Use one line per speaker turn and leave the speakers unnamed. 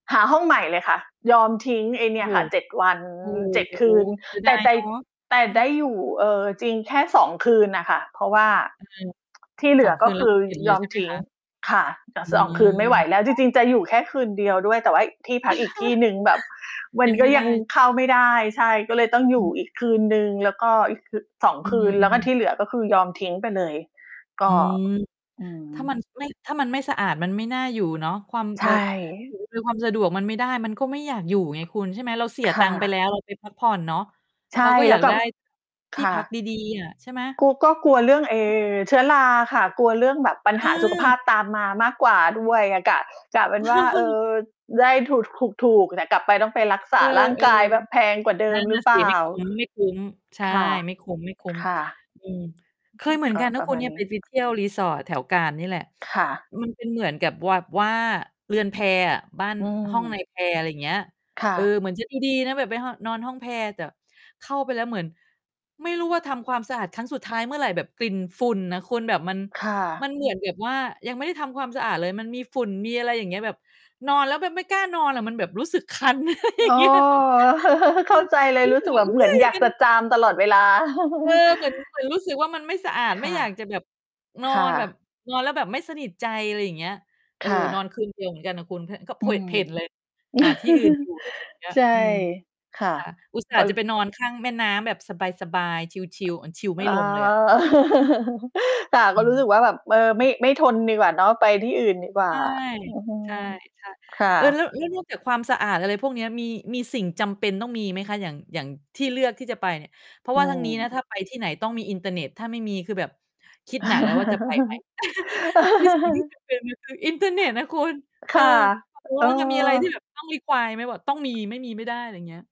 หาห้องใหม่เลยค่ะ ยอมทิ้งไอ้
โ
เน
อ้
ี่
โ
ยค่ะ 7 วัน
ฮ โอ้
7 ค
โฮ
ืน
เสีย
แ
ด
ต่
าย
แต่
เนาะ
แต่
อื
ได
อ
้อยู่ เอ่อ จริงแค่ 2 คืนน่ะค่ะ เพราะว่า
อืม
ที่เห
ส
ลื
อง
อ
ค
ก
ื
็
น
ค
แล้ว
ื
ก
อ
็ เผ่นเ
ย
ลย
อ
ใช
ม
่ไหม
ทิ้
ค
ง
ะ
ค่ะ จะ
อื
2 คื
ม
นไม่ไหวแล้
เ
ว
พร
จ
าะ
ริง ๆ จะอยู่แค่คืนเดียวด้วย แต่ว่าที่พักอีกที่หนึ่งแบบ มั
ย
น
ัง
ก
ไ
็
ม่
ย
ได
ัง
้
เข้าไม่ได้ ใช่ ก็เลยต้องอ
อ
ยู่
ืม
อีกคืนหนึ่ง แล้วก็อีก คือ 2
อื
คืน แล้วก็ท
ม ๆ
ี่เหลือ ก็คือยอมทิ้งไปเลย ก
อื
็
ม
อื
ถ้าม
ม
ัน ไม่ ถ้ามันไม่สะอาดมันไม่น่าอยู่เนาะ ความ
ใช
แบ
่
บ ถือ เป็นความสะดวก มันไม่ได้มันก็ไม่อยากอยู่ไงคุณ ใช่ไหม เราเสีย
ค
ตั
่ะ
งค์ไปแล้ว เราไปพัก ผ่อนเนาะ
ใช
เรา
่
ก็อ
แ
ย
ล้
า
ว
ก
ก
ไ
ล
ด
ั
้
บ
ท
ค
ี่
่
พัก
ะ
ดี ๆ อะใช่ไหม?
โก ก็กลัวเรื่อง ไอ้ เชื้อราอะค่ะ กลัวเรื่องแบบปัญ
อ
หาสุขภ
า
าพตามมามากกว่าด้วยอะ กะ กะเป็นว่า เออ ได้ถูก ถูก ๆ แต่กลับไปต้องไปรักษ
เอ
า
อ
ร่างกายแบบแพ
ๆ
งกว่าเด
น
ิ
ั่
ม
น
ห
น
ร
่
ื
ะ
อเป
สิ
ล่
ไ
า?
ม่คุ้ม ๆ ใช่
ค่ะ
ไม่คุ้ม
ค่ะ
ๆ อือ เค
อื
ย
อ
เหม
ฮ
ือ
ึ
น
ก็
กันน
ป
ะ
ร
ค
ะ
ุ
ม
ณ
า
เน
ณ
ี่ย
น
ไ
ี
ป
้
ไป เที่ยวรีสอร์ทแถวกาญจน์นี่แหละ
ค่ะ
มันเป็น เหมือนกับแบบ ว่าเรือนแพอะ บ้าน
อื
ห้องนา
ม
ยแพ อะไรอย่างเงี้ย
ค่
เออ
ะ
เหมือนจะดี ๆ นะ แบบไปห้อง นอนห้องแพ แต่ เข้าไปแล้วเหมือน ไม่รู้ว่าทำความสะอาดครั้งสุดท้ายเมื่อไร แบบกลิ่นฝุ่นน่ะคุณ แบบมัน
ค่
มั
ะ
นเหมือนแบบว่า ยังไม่ได้ทำความสะอาดเลย มันมีฝุ่น มีอะไรอย่างเงี้ย แบบนอนแล้วแบบไม่กล้านอนอะ มันแบบรู้สึกคัน อะไรอย่
อ
า
้อ
งเงี้ย
เ
จ
ข
ร
้
ิ
า
ง
ใจเ
มั
ล
น
ย
ไม่
รู
เ
้
หม
ส
ื
ึก
อ
แบ
น
บเหม
ไม
ือ
่
นอยาก
มั
จะ
น
จามตลอดเวลา
เออ เหมือน เหมือนรู้สึกว่ามันไม่สะอาด
ค
ไม่
่ะ
อยากจะแบบ นอ
ค่
นแบบ
ะ
นอนแล้วแบบไม่สนิทใจ อะไรอย่างเงี้ย เอ
ค
อ
่
นอ
ะ
นคืนเดียวเหมือนกันอะคุณ เพะ ก็เ
อ
ผ
ื
วะ เ
ม
ผ่นเลย หาที่อื่น อยู่เลย เงี้ย
ใช่
อืม
ค่ะ
ค่ะ อุตส่
เ
า
ข
ห
า
์จะไป
ร
นอนข้างแม่น้ำแบบสบาย ๆ ชิล ๆ อา ชิลไม่
อ๋อ
ลงเลยอะ อือ
ค่ะ
อ
ก็
ื
รู้สึกว่าแบบ เออ ไม่
อ [unintelligible]
ไม่ทนดีกว่าเนาะ ไปที่อื่นดีกว
ใ
่
ช
า อือฮึ
่ ๆ
ค่
ๆ เออ แล้
ะ
ว แล้ว นอก จากความสะอาด อะไรพวกเนี้ย มี มีสิ่งจำเป็นต้องมีไหมคะ? อย่าง อย่างที่เลือกที่จะไปเนี่ย เพรา
อ
ะว
ื
่าทางนี้นะ
ม
ถ้าไปที่ไหนต้องมีอินเทอร์เน็ต ถ้าไม่มีคือแบบคิดหนักแล้วว่าจะ ไปไหม คือสิ่งที่จำเป็นอะ คือ อินเทอร์เน็ตน่ะคุณ
ค
เออ
่ะ
เอาเป็นว
เอ
่า ถ้ามีอะไรที่
อ
แบบต้อง require ไหม? บอกต้องมี ไม่มีไม่ได้ อะไรอย่างเงี้ย